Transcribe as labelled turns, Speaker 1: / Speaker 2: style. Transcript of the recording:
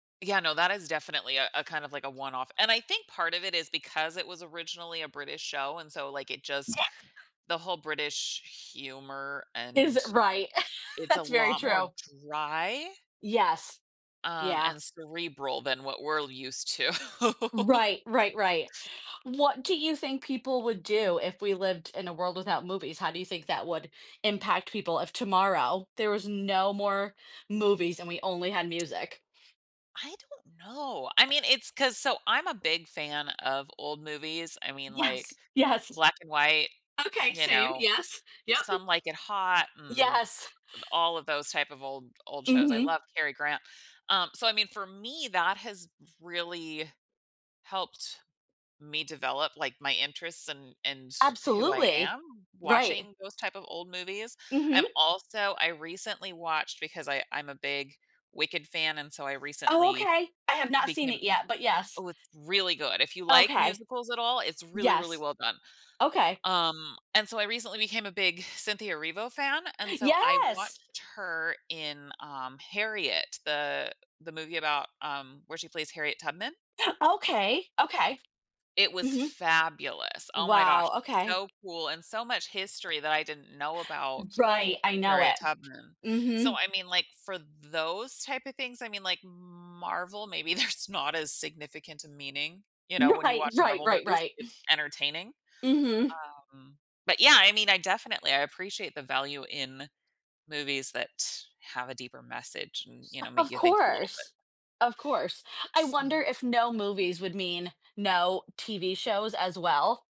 Speaker 1: Yeah, no, that is definitely a a kind of like a one off, and I think part of it is because it was originally a British show, and so, like, it just
Speaker 2: [unintelligible]
Speaker 1: the whole British humor,
Speaker 2: Is
Speaker 1: and
Speaker 2: it right,
Speaker 1: It's a
Speaker 2: that's very
Speaker 1: lot more
Speaker 2: true.
Speaker 1: dry?
Speaker 2: Yes,
Speaker 1: Um,
Speaker 2: yeah.
Speaker 1: and cerebral than what we're used to
Speaker 2: Right, right, right. What do you think people would do if we lived in a world without movies? How do you think that would impact people if tomorrow there was no more movies and we only had music?
Speaker 1: I don't know, I mean, it's 'cause so I'm a big fan of old movies, I mean,
Speaker 2: Yes,
Speaker 1: like,
Speaker 2: yes!
Speaker 1: black and white,
Speaker 2: Okay,
Speaker 1: you
Speaker 2: same,
Speaker 1: know,
Speaker 2: yes. Yup.
Speaker 1: Some Like It Hot, and
Speaker 2: Yes.
Speaker 1: all of those type of old old shows. I
Speaker 2: Mhm.
Speaker 1: love Cary Grant, um, so, I mean, for me, that has really helped me develop like my interests and and who I
Speaker 2: Absolutely.
Speaker 1: am
Speaker 2: Right.
Speaker 1: watching those type of old movies. I'm
Speaker 2: Mhm.
Speaker 1: also I recently watched because I I'm a big Wicked fan and so I
Speaker 2: Oh,
Speaker 1: recently
Speaker 2: okay. I have not seen
Speaker 1: became
Speaker 2: it yet, but yes.
Speaker 1: oh, it's really good, if you like
Speaker 2: Okay.
Speaker 1: musicals at all, it's really, really
Speaker 2: Yes.
Speaker 1: well done.
Speaker 2: Okay.
Speaker 1: Um, and so I recently became a big Cynthia Erivo fan, and so I
Speaker 2: Yes!
Speaker 1: watched her in, um, Harriet, the the movie about, um, where she plays Harriet Tubman.
Speaker 2: Okay, okay,
Speaker 1: It was
Speaker 2: mhm.
Speaker 1: fabulous, oh my gosh,
Speaker 2: Wow, okay.
Speaker 1: so cool, and so much history that I didn't know
Speaker 2: M
Speaker 1: about
Speaker 2: right, I know
Speaker 1: Harriet
Speaker 2: it.
Speaker 1: Tubman. So,
Speaker 2: Mhm.
Speaker 1: I mean, like, for those type of things, I mean, like Marvel, maybe there's not as significant a meaning, you know, when you
Speaker 2: Right,
Speaker 1: watch
Speaker 2: right,
Speaker 1: Marvel
Speaker 2: right,
Speaker 1: movies,
Speaker 2: right.
Speaker 1: it's entertaining,
Speaker 2: Mhm.
Speaker 1: um, but yeah, I mean, I definitely, I appreciate the value in movies that have a deeper message and, you know, make
Speaker 2: Of
Speaker 1: you think a little bit.
Speaker 2: course. Of course. I wonder
Speaker 1: So
Speaker 2: if no movies would mean no TV shows as well.